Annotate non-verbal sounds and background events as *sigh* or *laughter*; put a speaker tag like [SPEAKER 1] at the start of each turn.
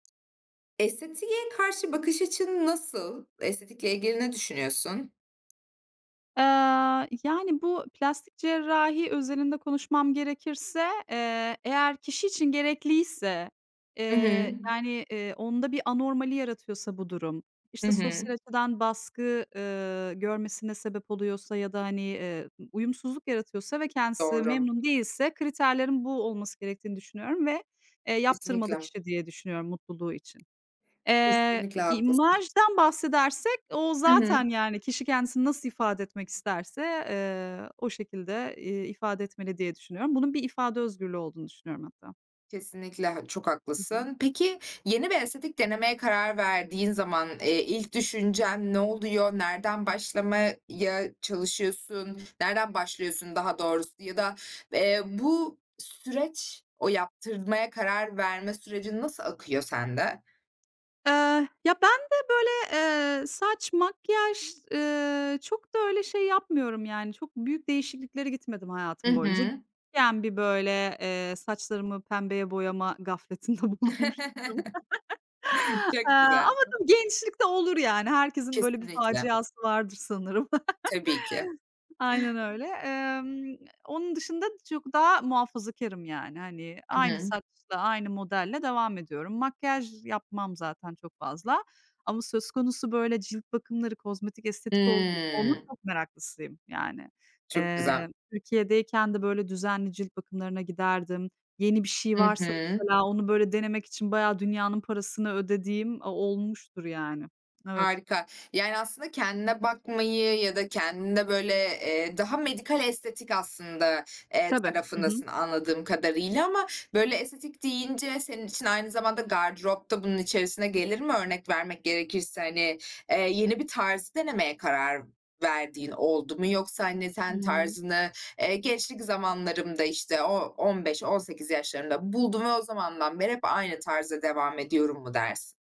[SPEAKER 1] Estetiğe karşı bakış açın nasıl? Estetikle ilgili ne düşünüyorsun?
[SPEAKER 2] Aaa, yani, bu plastik cerrahi özelinde konuşmam gerekirse, eee, eğer kişi için gerekliyse,
[SPEAKER 1] Hı hı.
[SPEAKER 2] eee, yani, eee, onda bir anormali yaratıyorsa bu durum,
[SPEAKER 1] Hı
[SPEAKER 2] işte,
[SPEAKER 1] hı.
[SPEAKER 2] sosyal açıdan baskı, ııı, görmesine sebep oluyorsa ya da, hani, eee, ı uyumsuzluk yaratıyorsa ve kendisi
[SPEAKER 1] Doğru.
[SPEAKER 2] memnun değilse kriterlerin bu olması gerektiğini düşünüyorum ve, eee, yaptırmalı
[SPEAKER 1] Kesinlikle.
[SPEAKER 2] kişi diye düşünüyorum mutluluğu için. Eee,
[SPEAKER 1] Kesinlikle
[SPEAKER 2] i
[SPEAKER 1] haklısın.
[SPEAKER 2] imajdan bahsedersek o
[SPEAKER 1] Hı hı.
[SPEAKER 2] zaten, yani, kişi kendisini nasıl ifade etmek isterse, eee, o şekilde, iii, ifade etmeli diye düşünüyorum. Bunun bir ifade özgürlüğü olduğunu düşünüyorum hatta.
[SPEAKER 1] Kesinlikle h çok
[SPEAKER 2] Hı hı.
[SPEAKER 1] haklısın. Peki yeni bir estetik denemeye karar verdiğin zaman, eee, ilk düşüncen ne oluyor, nereden başlamaya çalışıyorsun? Nereden başlıyorsun daha doğrusu ya da, eee, bu süreç o yaptırmaya karar verme sürecin nasıl akıyor sende?
[SPEAKER 2] Eee, ya, bende, böyle, eee, saç, makyaj, ııı, çok da öyle şey yapmıyorum yani çok büyük değişikliklere gitmedim
[SPEAKER 1] Hı
[SPEAKER 2] hayatım boyunca. *unintelligible*
[SPEAKER 1] hı.
[SPEAKER 2] bir böyle, eee, saçlarımı pembeye boyama gafletinde bulunmuştum. *laughs*
[SPEAKER 1] *laughs* Çok
[SPEAKER 2] Aaa,
[SPEAKER 1] güzel.
[SPEAKER 2] ama, tabii, gençlik de olur yani. Herkesin böyle bir
[SPEAKER 1] Kesinlikle.
[SPEAKER 2] faciası vardır sanırım.
[SPEAKER 1] Tabii ki.
[SPEAKER 2] *laughs* Aynen
[SPEAKER 1] *chuckles*
[SPEAKER 2] öyle. Emm, n onun dışında çok daha muhafazakârım yani, hani,
[SPEAKER 1] Hı
[SPEAKER 2] aynı
[SPEAKER 1] hı.
[SPEAKER 2] saçla, aynı modelle devam ediyorum. Makyaj yapmam zaten çok fazla. Ama söz konusu, böyle, cilt bakımları, kozmetik, estetik oldu onun
[SPEAKER 1] Hımm.
[SPEAKER 2] çok meraklısıyım, yani.
[SPEAKER 1] Çok güzel.
[SPEAKER 2] Emm, Türkiye'deyken de böyle düzenli cilt bakımlarına giderdim. Yeni bir şey
[SPEAKER 1] I
[SPEAKER 2] varsa
[SPEAKER 1] hı.
[SPEAKER 2] mesela onu, böyle, denemek için bayağı dünyanın parasını ödediğim a olmuştur yani. Evet.
[SPEAKER 1] Harika. Yani aslında kendine bakmayı ya da kendinde, böyle, eee, daha medikal estetik aslında, eee,
[SPEAKER 2] Tabii. Hı hı.
[SPEAKER 1] tarafındasın anladığım kadarıyla ama böyle estetik deyince senin için aynı zamanda gardırop da bunun içerisine gelir mi? Örnek vermek gerekirse, hani, eee, yeni bir tarzı denemeye karar verdiğin oldu mu yoksa, hani, sen
[SPEAKER 2] Hımm.
[SPEAKER 1] tarzını, eee, gençlik zamanlarımda, işte, o 15-18 yaşlarında buldum ve o zamandan beri hep aynı tarzda devam ediyorum mu dersin?